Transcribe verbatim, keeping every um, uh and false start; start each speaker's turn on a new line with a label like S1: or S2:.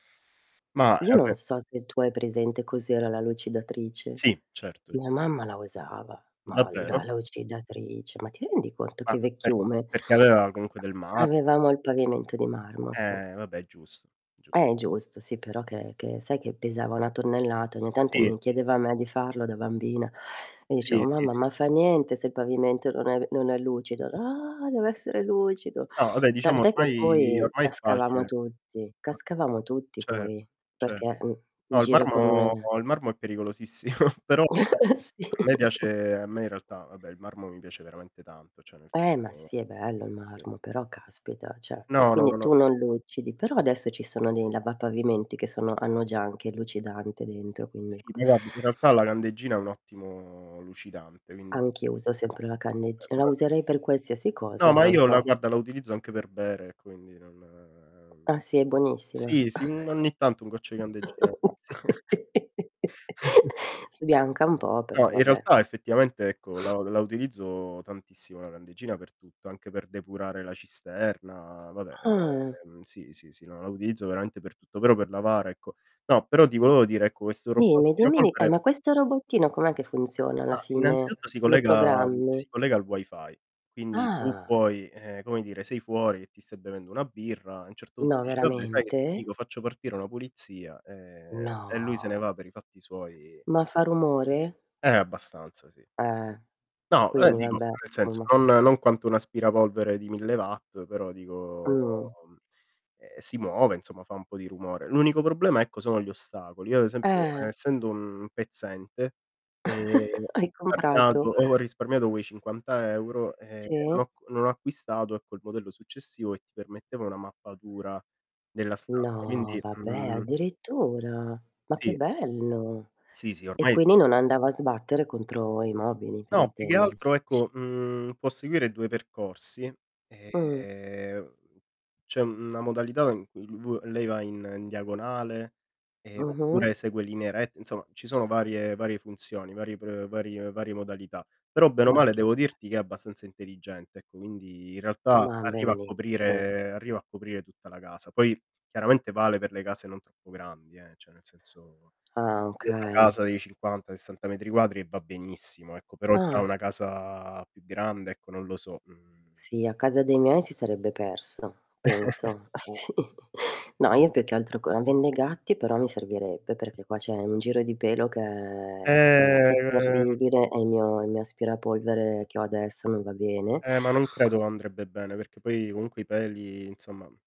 S1: Ma,
S2: Io
S1: eh,
S2: non
S1: beh
S2: so se tu hai presente cos'era la lucidatrice.
S1: Sì, certo.
S2: Mia mamma la usava, ma la
S1: Davvero?
S2: lucidatrice, ma ti rendi conto
S1: Ma
S2: che
S1: per
S2: vecchiume?
S1: perché aveva comunque del marmo
S2: Avevamo il pavimento di marmo, sì.
S1: Eh, vabbè, è giusto, giu
S2: È giusto, sì, però che che sai che pesava una tonnellata, ogni tanto
S1: Sì.
S2: mi chiedeva a me di farlo da bambina e io
S1: Sì,
S2: cevo:
S1: sì,
S2: "Mamma,
S1: sì, sì,
S2: ma
S1: sì.
S2: fa niente se il pavimento non è non è lucido". "Ah, deve essere lucido".
S1: No, abbè diciamo
S2: Tant'è che
S1: ormai
S2: poi
S1: ormai è
S2: cascavamo
S1: facile.
S2: tutti
S1: [unintelligible]
S2: cascavamo tutti
S1: Cer
S2: poi,
S1: cer
S2: perché, mh in
S1: no, il
S2: giro con
S1: marmo, il marmo è pericolosissimo, però [unintelligible]
S2: Sì.
S1: a me piace a me in realtà vabbè il marmo mi piace veramente tanto, cioè, nel
S2: Eh, ma sì,
S1: senso
S2: è bello il
S1: sì.
S2: marmo, però caspita, ceh e
S1: No, no, no,
S2: quindi tu
S1: no.
S2: non lucidi. Però adesso ci sono dei lavapavimenti che sono hanno già anche il lucidante dentro, quindi
S1: Sì, ma guarda, in realtà la candeggina è un ottimo lucidante quindi
S2: Anch'io uso sempre la candegg la
S1: [unintelligible]
S2: userei per qualsiasi cosa,
S1: No, ma
S2: non
S1: io la
S2: so.
S1: guarda, la utilizzo anche per bere e quindi non
S2: Ah sì, è buonissima.
S1: sì, sì, n ogni tanto un goccio di candeggina [unintelligible]
S2: Sì. Sbianca un po', però
S1: No, in
S2: vabbè.
S1: realtà effettivamente ecco la la utilizzo tantissimo la candeggina per tutto, anche per depurare la cisterna Vabbè,
S2: Ah.
S1: ehm, sì, sì, sì, no, la utilizzo veramente per tutto, però per lavare, ecco no, però ti voevo dire ecco, questo robot
S2: Dimmi dimmi ni eh,
S1: aspirapolvere
S2: ma questo robottino, com'è che funziona alla
S1: Ah,
S2: fine?
S1: innanzitutto si
S2: Lo
S1: collega
S2: programmi?
S1: si collega al Wi-Fi, quindi tu
S2: Ah.
S1: puoi ehm, come dire, sei fuori che ti stai bevendo una birra, a un certo punto
S2: No,
S1: dici: "Vabbè, sai che ti
S2: veramente?
S1: dico? Faccio partire una pulizia", ehm, e lui se ne
S2: No.
S1: va per i fatti suoi
S2: Ma fa rumore?
S1: Eh, abbastanza, sì.
S2: Eh.
S1: No, eh
S2: Quindi
S1: dico
S2: vabbè,
S1: nel senso
S2: somma
S1: non non quanto un aspirapolvere di mille watt, però dico
S2: Mhmm.
S1: ehm, si muove insomma, fa un po' di rumore. L'unico problema ecco sono gli ostacoli, io ad esempio
S2: Eh.
S1: essendo un pezzente, ehm,
S2: Hai
S1: risparmiato
S2: comprato?
S1: ho risparmiato quei cinquanta euro, ehm, non
S2: Sì.
S1: ho c non ho acquistato, ecco, il modello successivo, che ti permetteva una mappatura della stanza,
S2: No,
S1: quindi,
S2: vabbè,
S1: mhmm
S2: addirittura? Ma che
S1: Sì.
S2: bello.
S1: Sì, sì,
S2: E
S1: ormai
S2: quindi non
S1: esistono
S2: andava a sbattere contro i mobili, per
S1: No, più che
S2: intenderci.
S1: altro ecco, mhmm, può seguire due percorsi,
S2: Mh.
S1: ehm c'è una modalità in cui v lei va in n diagonale, ehm,
S2: Mh-mh.
S1: oppure segue linee rette Insomma, ci sono varie varie funzioni, vari pr varie varie modalità. Però bene o
S2: Ma
S1: male
S2: che
S1: devo
S2: be
S1: dirti che è abbastanza intelligente, ecco, quindi in realtà
S2: Ma
S1: arriva a
S2: bellissimo.
S1: coprire arriva a coprire tutta la casa. Poi chiaramente vale per le case non troppo grandi, eh, ceh nel senzo
S2: Ah,
S1: io ho una
S2: okay.
S1: casa di cinquanta, sessanta metri quadri e va benissimo, ecco, però già
S2: Ah.
S1: una casa più grande ecco, non lo so, mhmm.
S2: Sì, a casa dei miei si sarebbe perso, penso, sì. No, io più che altro co avendo i gatti, però mi servirebbe, perché qua c'è un giro di pelo che è è
S1: Ehm
S2: terribile e il mio il mio aspirapolvere che ho adesso non va bene.
S1: Eh ma non credo andrebbe bene, perché poi comunque i peli inzomma